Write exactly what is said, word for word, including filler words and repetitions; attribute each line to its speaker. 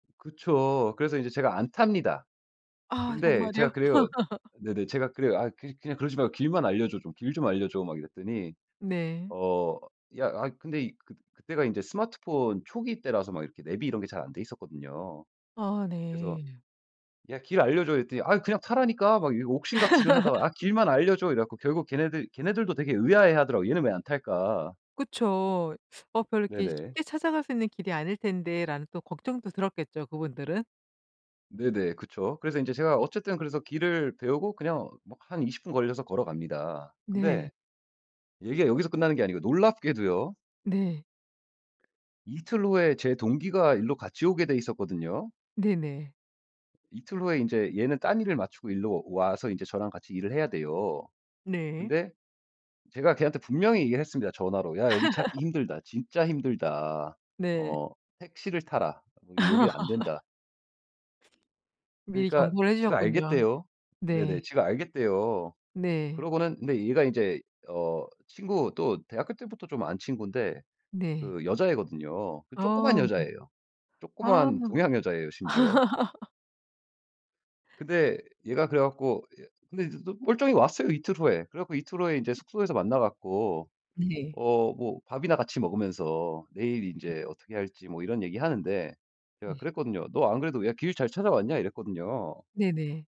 Speaker 1: 그쵸. 그래서 인제 제가 안 탑니다.
Speaker 2: 아
Speaker 1: 그런데
Speaker 2: 정말요?
Speaker 1: 제가 그래요. 네네 제가 그래요. "아 그 그냥 그러지 말고 길만 알려줘. 좀 길 좀 알려줘." 막 이랬더니
Speaker 2: 네.
Speaker 1: 어 야 아 근데 그 그때가 인제 스마트폰 초기 때라서 막 이렇게 내비 이런 게 잘 안 돼있었거든요.
Speaker 2: 아
Speaker 1: 그래서
Speaker 2: 네.
Speaker 1: "야 길 알려줘." 이랬더니 "아 그냥 타라니까." 막 이 옥신각신을 하다가 "아 길만 알려줘." 이래 갖고 결국 걔네들 걔네들도 되게 의아해하더라고요. "얘는 왜 안 탈까?"
Speaker 2: 그쵸. 어 별로 이렇게
Speaker 1: 네네.
Speaker 2: 쉽게 찾아갈 수 있는 길이 아닐 텐데라는 또 걱정도 들었겠죠, 그분들은.
Speaker 1: 네네. 그쵸. 그래서 이제 제가 어쨌든 그래서 길을 배우고 그냥 뭐 한 이십 분 걸려서 걸어갑니다.
Speaker 2: 네.
Speaker 1: 근데 얘기가 여기서 끝나는 게 아니고 놀랍게도요.
Speaker 2: 네.
Speaker 1: 이틀 후에 제 동기가 일로 같이 오게 되어 있었거든요.
Speaker 2: 네네.
Speaker 1: 이틀 후에 이제 얘는 딴 일을 마치고 이리로 와서 이제 저랑 같이 일을 해야 돼요.
Speaker 2: 네.
Speaker 1: 근데 제가 걔한테 분명히 얘기를 했습니다 전화로. "야 여기 찾기 힘들다. 진짜 힘들다.
Speaker 2: 네.
Speaker 1: 어 택시를 타라. 어 여기 안된다."
Speaker 2: 미리
Speaker 1: 그러니까
Speaker 2: 경고를 해
Speaker 1: 지가
Speaker 2: 주셨군요.
Speaker 1: 알겠대요.
Speaker 2: 네.
Speaker 1: 네네. 지가 알겠대요.
Speaker 2: 네.
Speaker 1: 그러고는 근데 얘가 이제 어 친구 또 대학교 때부터 좀 안 친군데
Speaker 2: 네.
Speaker 1: 그 여자애거든요. 그 조그만
Speaker 2: 아 네.
Speaker 1: 여자애예요.
Speaker 2: 아.
Speaker 1: 조그만 동양 여자예요 심지어. 근데 얘가 그래 갖고 예 근데 이제 또 멀쩡히 왔어요 이틀 후에. 그래 갖고 이틀 후에 인제 숙소에서 만나 갖고
Speaker 2: 네.
Speaker 1: 어 뭐 밥이나 같이 먹으면서 내일
Speaker 2: 네.
Speaker 1: 인제 어떻게 할지 뭐 이런 얘기하는데 제가
Speaker 2: 네.
Speaker 1: 그랬거든요. "너 안 그래도 왜 길 잘 찾아왔냐?" 이랬거든요.
Speaker 2: 네네.